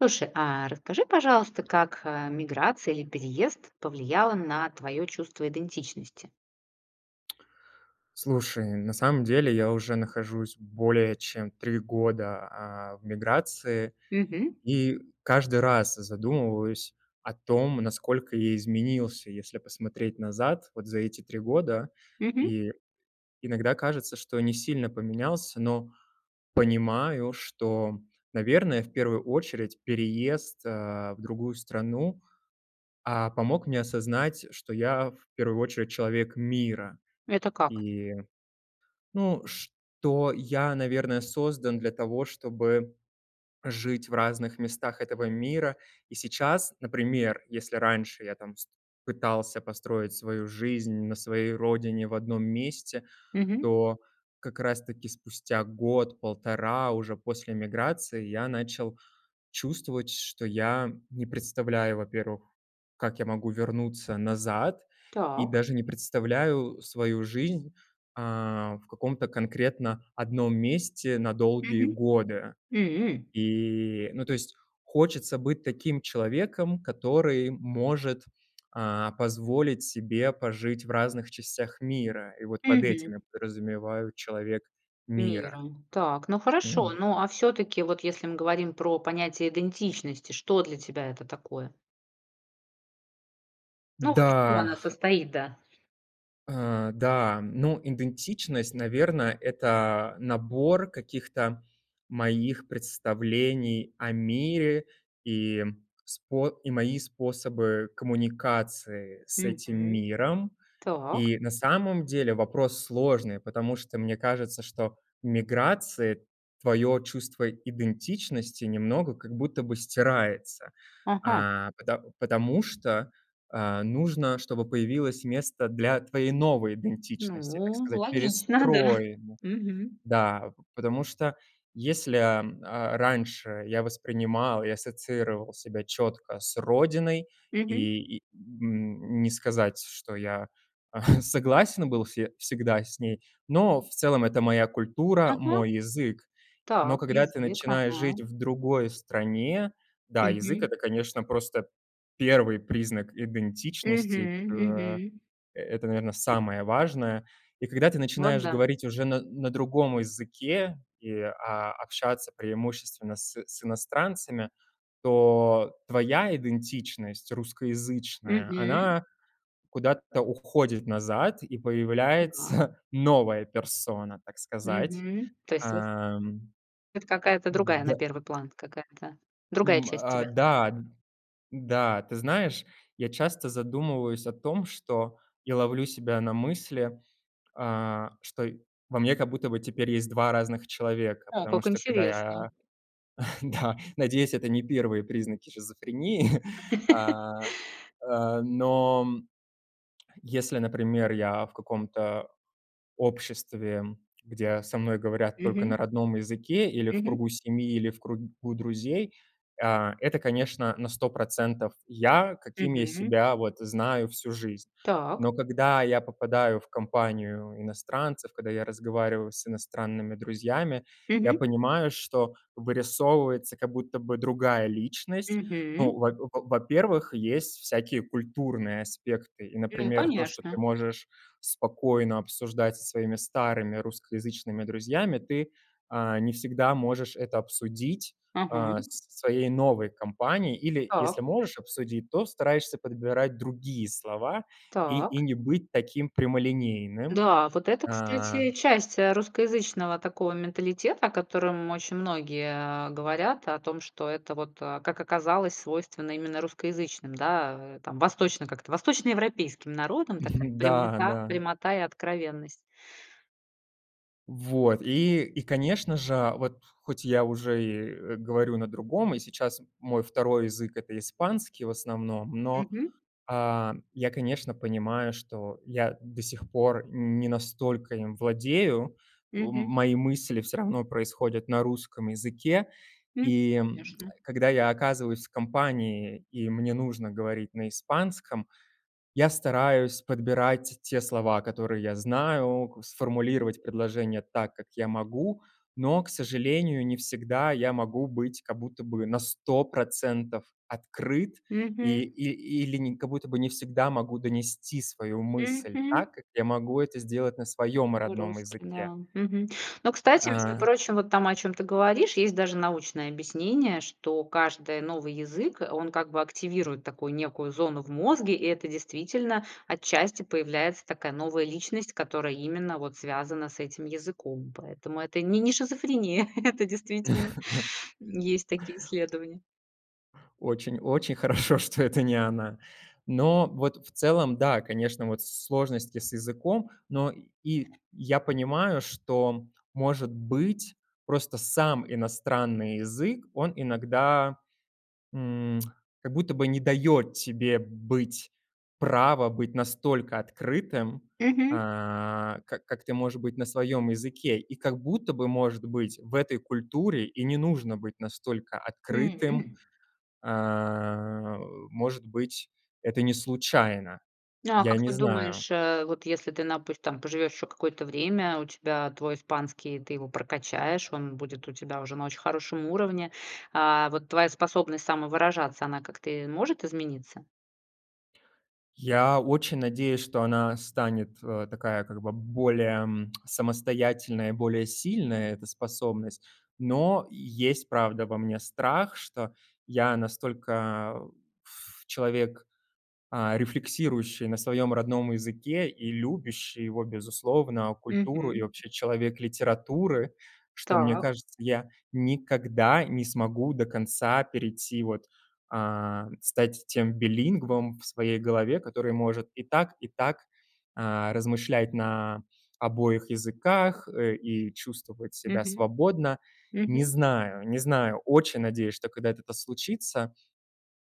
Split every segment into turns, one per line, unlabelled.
Слушай, а расскажи, пожалуйста, как, а, иммиграция или переезд повлияла на твое чувство идентичности?
Слушай, на самом деле я уже нахожусь более чем 3 года, а, в миграции,
Мгм.
и каждый раз задумываюсь о том, насколько я изменился, если посмотреть назад, вот за эти 3 года.
Мгм.
И иногда кажется, что не сильно поменялся, но понимаю, что, наверное, в первую очередь переезд, э, в другую страну, а, помог мне осознать, что я в первую очередь человек мира.
Это как?
И, ну, что я, наверное, создан для того, чтобы жить в разных местах этого мира. И сейчас, например, если раньше я там вс пытался построить свою жизнь на своей родине, в одном месте,
Мгм.
то как раз таки спустя год-полтора уже после эмиграции я начал чувствовать, что я не представляю, во-первых, как я могу вернуться назад и
Так.
даже не представляю свою жизнь, э, в каком-то конкретно одном месте на долгие
Мгм.
годы.
М.
И ну, то есть хочется быть таким человеком, который может, а, позволить себе пожить в разных частях мира. И вот под
Мгм.
этим подразумеваю человек мира.
Мира. Так, ну хорошо,
М.
ну, а всё-таки, вот если мы говорим про понятие идентичности, что для тебя это такое? Ну, вот из чего
Да.
она состоит, да?
Э, да. Ну, идентичность, наверно, это, набор каких-то моих представлений о мире и спо и мои способы коммуникации с этим
Мгм.
миром.
Так.
И на самом деле вопрос сложный, потому что мне кажется, что миграции твоё чувство идентичности немного как будто бы стирается,
Ага.
а, пото потому что, э, нужно, чтобы появилось место для твоей новой идентичности, так
Ну,
сказать,
логично, да,
перестроим,
мгм.
да. Потому что, если, а, раньше я воспринимал и ассоциировал себя чётко с родиной
Мгм.
и, и, н не сказать, что я согласен был се всегда с ней, но в целом это моя культура,
Ага,
мой язык. Но
так,
когда ты
язык,
начинаешь
ага.
жить в другой стране, да, язык-
Мгм.
это, конечно, просто 1 признак идентичности.
Мгм
Э,
мгм.
это, наверно, самое важное. И когда ты
Вот,
начинаешь
да.
говорить уже на на другом языке и, а, общаться преимущественно с с иностранцами, то твоя идентичность русскоязычная,
Мгм.
она куда-то уходит назад и
Да.
появляется новая персона, так сказать,
Мгм. То есть вот
эм.
Это какая-то другая на
Да.
1 план, какая-то другая
М,
часть
а,
тебя.
да, да, ты знаешь, я часто задумываюсь о том, что я ловлю себя на мысли, а, что и во мне как будто бы теперь есть 2 разных человека,
О,
потому
как
что, когда
интересно.
я, да. Надеюсь, это не 1 признаки шизофрении, а, а, но, м, если, например, я в каком-то обществе, где со мной говорят только на
Мгм.
родном языке, или в
Мгм.
кругу семьи, или в кругу друзей, а, это, конечно, на 100 % я, каким я
Мгм.
себя вот знаю всю жизнь.
Так.
Но когда я попадаю в компанию иностранцев, когда я разговариваю с иностранными друзьями, я
Мгм.
понимаю, что вырисовывается как будто бы другая личность. Ну,
Мгм.
в во во-первых, есть всякие культурные аспекты, и,
Ну,
например, то, что ты
конечно.
можешь спокойно обсуждать со своими старыми русскоязычными друзьями, ты, э, не всегда можешь это обсудить,
Ага.
а, с со своей новой компанией, или, если
Так.
можешь обсудить, то стараешься подбирать другие слова и и
Так.
не быть таким прямолинейным,
Да, вот это,
а.
кстати, часть, э, русскоязычного такого менталитета, о котором очень многие говорят, о том, что это вот, как оказалось, свойственно именно русскоязычным, да, э, там восточно как-то восточноевропейским народам, такая
Да,
прямита
да.
прямота и откровенность.
Вот и и, конечно же, вот, хоть я уже и говорю на другом, и сейчас мой второй язык- это испанский в основном, но,
Мгм.
а, я, конечно, понимаю, что я до сих пор не настолько им владею. М
Мгм.
мои мысли всё равно происходят на русском языке,
М,
и
конечно.
когда я оказываюсь в компании, и мне нужно говорить на испанском, я стараюсь подбирать те слова, которые я знаю, к сформулировать предложение так, как я могу. Но, к сожалению, не всегда я могу быть как будто бы на 100 % открыт и
Мгм.
и или как будто бы не всегда могу донести свою мысль
Мгм.
так, как я могу это сделать на своём
Мы
родном
русский,
языке.
да. Мгм. Но, кстати, между
А.
прочим, вот там, о чём ты говоришь, есть даже научное объяснение, что каждый новый язык, он как бы активирует такую некую зону в мозге, и это действительно, отчасти, появляется такая новая личность, которая именно вот связана с этим языком. Поэтому это не не шизофрения, это действительно есть такие исследования.
Очень очень хорошо, что это не она. Но вот в целом, да, конечно, вот сложности с языком, но и я понимаю, что, может быть, просто сам иностранный язык, он иногда, м, как будто бы не даёт тебе быть, право быть настолько открытым,
Мгм.
а, как как ты можешь быть на своём языке, и как будто бы, может быть, в этой культуре и не нужно быть настолько открытым,
М.
а, э, может быть, это не случайно,
А
я
как
не
ты
знаю.
думаешь, э, вот если ты, напус там поживешь еще какое-то время, у тебя твой испанский, ты его прокачаешь, он будет у тебя уже на очень хорошем уровне, а, вот твоя способность самовыражаться, она как-то, э, может измениться?
Я очень надеюсь, что она станет, а, такая, как бы более, м, самостоятельная и более сильная, эта способность, но есть, правда, во мне страх, что я настолько, пф, человек, а, рефлексирующий на своём родном языке и любящий его безусловно, культуру и
Мгм.
вообще человек литературы, что, мне
Так.
кажется, я никогда не смогу до конца перейти, вот, а, стать тем билингвом в своей голове, который может и так, и так, а, размышлять на обоих языках, э, и чувствовать себя
Мгм,
свободно. Не
мгм.
знаю, не знаю, очень надеюсь, что когда-то это случится.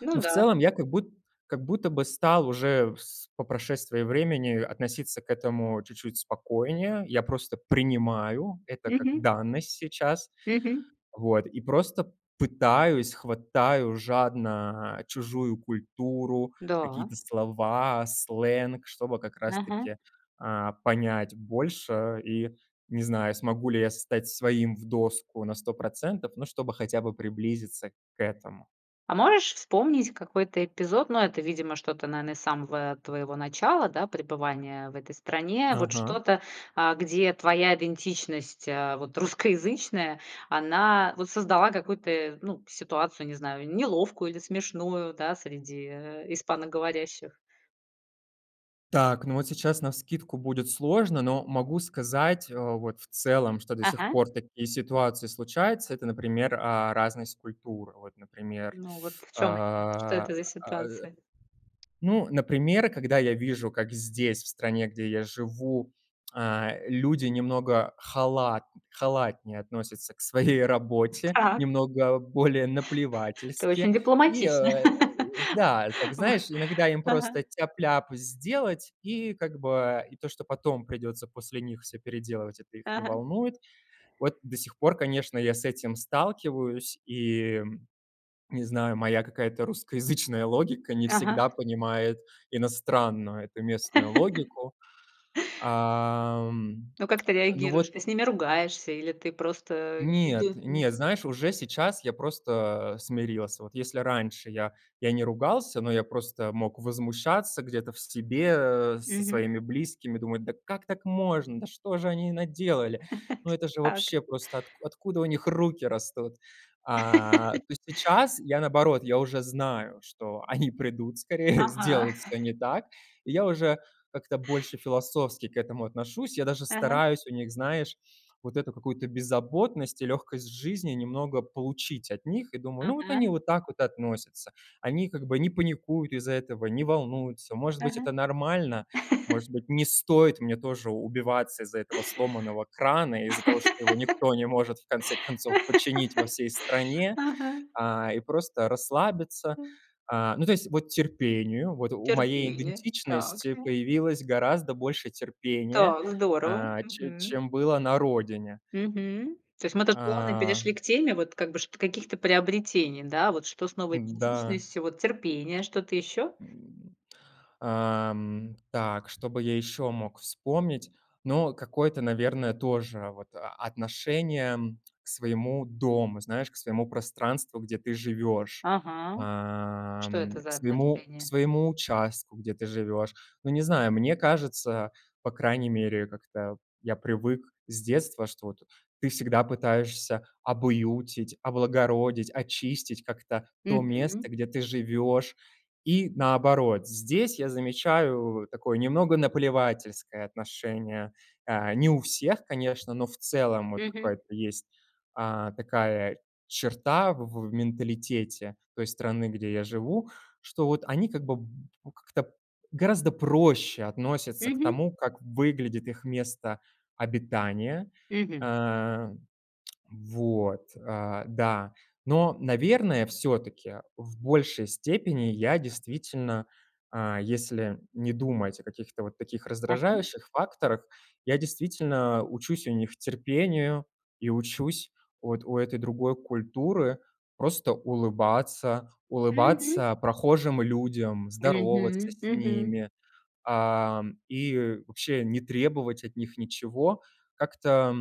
Ну
Но в
да.
целом я как буд как будто бы стал уже с по прошествии времени относиться к этому чуть-чуть спокойнее. Я просто принимаю это как
Мгм.
данность сейчас,
Мгм.
вот и просто пытаюсь, хватаю жадно чужую культуру,
Да.
какие-то слова, сленг, чтобы как раз
Мгм.
таки, а, понять больше, и не знаю, смогу ли я стать своим в доску на 100 %, но чтобы хотя бы приблизиться к этому.
А можешь вспомнить какой-то эпизод, но это, видимо, что-то, наверно, из самого твоего начала, да, пребывания в этой стране, вот
Ага.
что-то, а, где твоя идентичность, э, вот русскоязычная, она вот создала какую-то, ну, ситуацию, не знаю, неловкую или смешную, да, среди, э, испаноговорящих?
Так, ну вот сейчас навскидку будет сложно, но могу сказать вот в целом, что до сих
Ага.
пор такие ситуации случаются. Это, например, а, разность культур вот, например.
Ну, вот в чём они? Что
А,
это за
э,
ситуации?
ну, например, когда я вижу, как здесь, в стране, где я живу, а, люди немного халат халатнее относятся к своей работе,
Так.
немного более
Ты
наплевательски,
очень
и
дипломатичный.
да, так, знаешь, иногда им
Ага.
просто тяп-ляп сделать, и как бы, и то что, потом придется после них всё переделывать- это их не
Ага.
волнует. Вот до сих пор, конечно, я с этим сталкиваюсь, и не знаю, моя какая-то русскоязычная логика не
Ага.
всегда понимает иностранную эту местную логику. Ам,
Ну, как ты
ну
реагируешь?
вот
Ты с ними ругаешься или ты просто.
Нет,
[unintelligible]
нет, знаешь, уже сейчас я просто смирился. Вот если раньше я я не ругался, но я просто мог возмущаться где-то в себе со
Мгм.
своими близкими, думать: "Да как так можно? Да что же они наделали? Ну это же
Так.
вообще просто откуд откуда у них руки растут?". А то сейчас я, наоборот, я уже знаю, что они придут скорее,
Ага.
сделают всё не так, и я уже как-то больше философски к этому отношусь. Я даже
Ага.
стараюсь у них, знаешь, вот эту какую-то беззаботность и лёгкость жизни немного получить от них, и думаю: "Ну, вот они
Ага.
вот так вот относятся, они как бы не паникуют из-за этого, не волнуются". Может быть,
Ага.
это нормально, может быть, не стоит мне тоже убиваться из-за этого сломанного крана, из-за того, что его никто не может в конце концов починить во всей стране,
Ага.
а и просто расслабиться. А, ну, то есть вот терпению, вот у моей
Терпение, так.
идентичности появилось гораздо больше терпения,
Так, здорово,
а, чем
мгм.
чем было на родине.
Мгм, то есть мы тут плавно
А.
перешли к теме, вот, как бы каких-то приобретений, да, вот что с новой
Н-да.
идентичностью, вот терпение, что-то ещё?
Ам, так что бы я ещё мог вспомнить, но какое-то, наверное, тоже вот а отношение к своему дому, знаешь, к своему пространству, где ты живёшь,
Ага, что
ам,
это
к к
за
своему к
отношение?
своему участку, где ты живёшь. Ну, не знаю, мне кажется, по крайней мере, как-то я привык с детства, что вот ты всегда пытаешься обуютить, облагородить, очистить как-то то место,
Мгм.
где ты живёшь. И наоборот, здесь я замечаю такое немного наплевательское отношение, э, не у всех, конечно, но в целом вот
Мгм.
какая-то есть, а, такая черта в в менталитете той страны, где я живу, что вот они как бы как-то гораздо проще относятся к
Мгм.
тому, как выглядит их место обитания.
Мгм.
Э, вот, да, но, наверное, всё-таки в большей степени я действительно, а, если не думать о каких-то вот таких
Ага.
раздражающих факторах, я действительно учусь у них терпению и учусь вот у этой другой культуры просто улыбаться,
Мгм.
улыбаться прохожим людям, здороваться
Мгм,
с
мгм.
ними, а, и вообще не требовать от них ничего, как-то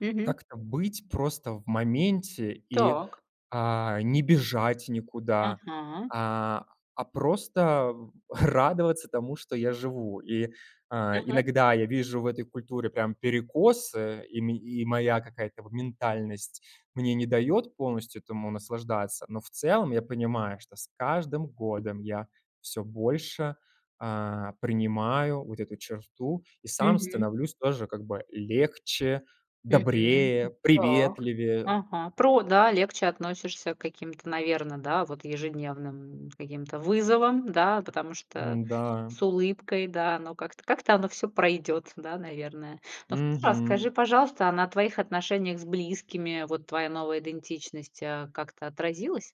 Мгм.
как-то быть просто в моменте и,
Так.
а, не бежать никуда,
Ага.
а, а просто радоваться тому, что я живу. И, э,
Ага.
иногда я вижу в этой культуре прям перекосы, и мен и моя какая-то вот ментальность мне не даёт полностью этому наслаждаться, но в целом я понимаю, что с каждым годом я всё больше, а, принимаю вот эту черту и сам
Мгм.
становлюсь тоже как бы легче,
Мгм,
добрее,
м, так,
приветливее.
ага. Про да, легче относишься к каким-то, наверное, да, вот ежедневным каким-то вызовам, да, потому что
Н-да.
с улыбкой, да, но как-то как-то оно всё пройдёт, да, наверное, но [unintelligible] раз.
Мгм.
Скажи, пожалуйста, а на твоих отношениях с близкими вот твоя новая идентичность, э, как-то отразилась?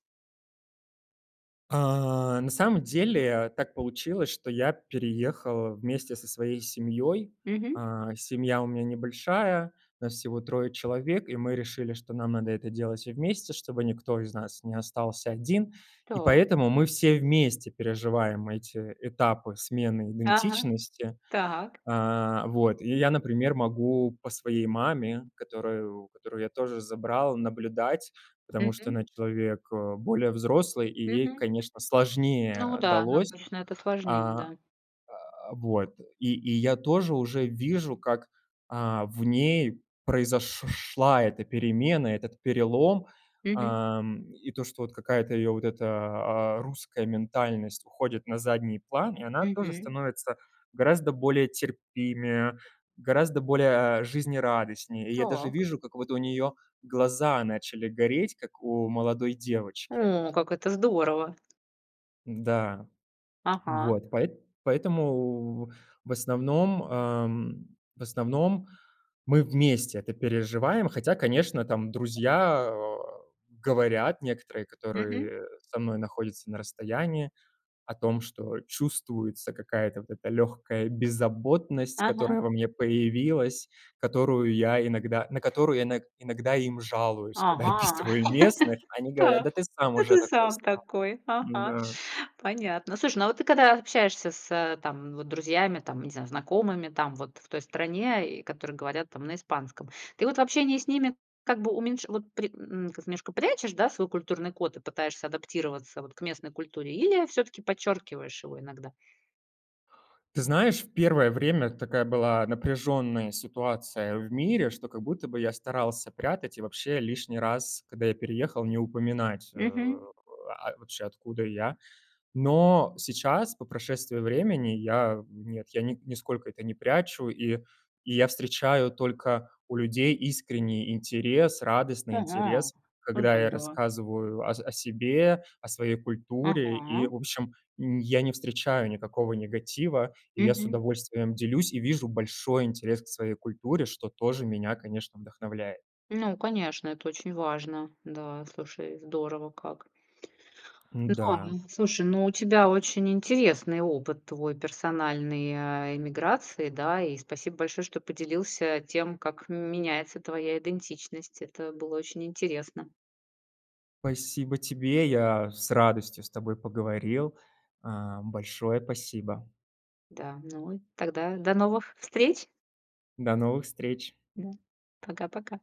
А, на самом деле, так получилось, что я переехал вместе со своей семьёй.
Мгм.
А, семья у меня небольшая, нас всего 3 человек, и мы решили, что нам надо это делать всем вместе, чтобы никто из нас не остался 1, и
Так.
поэтому мы все вместе переживаем эти этапы смены
Ага,
идентичности.
так.
А, вот, и я, например, могу по своей маме, которую которую я тоже забрал, наблюдать, потому что
Мгм.
она человек, э, более взрослый и ей,
Мгм.
конечно,
Ну
сложнее
да,
далось.
обычно это сложнее,
А,
да.
а, вот, и и я тоже уже вижу, как, а, в ней произош шла эта перемена, этот перелом,
Мгм.
ам, и то, что вот какая-то её вот эта, а, русская ментальность уходит на задний план, и она тоже
Мгм.
становится гораздо более терпимее, гораздо более, а, жизнерадостнее, и я даже
Так.
вижу, как вот у неё глаза начали гореть, как у молодой девочки.
О, как это здорово!
Да,
Ага.
вот поэт поэтому, в основном, ам, в основном, мы вместе это переживаем, хотя, конечно, там друзья, э, говорят некоторые,
Мгм.
которые со мной находятся на расстоянии, о том, что чувствуется какая-то вот эта лёгкая беззаботность,
Ага.
которая во мне появилась, которую я иногда на которую я ино иногда им жалуюсь, когда я
Ага,
описываю местных. Они говорят:
так.
"Да ты сам
Да
уже
ты
такой
сам
стал".
такой! Ага,
Да.
понятно. Слушай, ну вот ты когда общаешься с там вот друзьями, там, не знаю, знакомыми там вот в той стране, и которые говорят там на испанском, ты вот в общении с ними как бы уменьш вот при м немножко прячешь, да, свой культурный код и пытаешься адаптироваться вот к местной культуре или всё-таки подчеркиваешь его иногда?
Ты знаешь, в первое время такая была напряжённая ситуация в мире, что как будто бы я старался прятать и вообще лишний раз, когда я переехал, не упоминать, э,
Мгм.
а, вообще откуда я, но сейчас, по прошествии времени, я, нет, я ни нисколько это не прячу, и и я встречаю только у людей искренний интерес, радостный
Ага.
интерес, когда я
Здорово.
рассказываю о с о себе, о своей культуре, и,
Ага.
в общем, м, я не встречаю никакого негатива, я с
Мгм.
удовольствием делюсь и вижу большой интерес к своей культуре, что тоже меня, конечно, вдохновляет.
Ну, конечно, это очень важно, да, слушай, здорово как. Да,
Н-да.
м, слушай, ну, у тебя очень интересный опыт твой, персональной, э, иммиграции, да, и спасибо большое, что поделился тем, как меняется твоя идентичность. Это было очень интересно.
Спасибо тебе! Я с радостью с тобой поговорил. А, большое пасибо!
Да, ну и тогда до новых встреч.
До новых встреч!
Да. Пока-пока!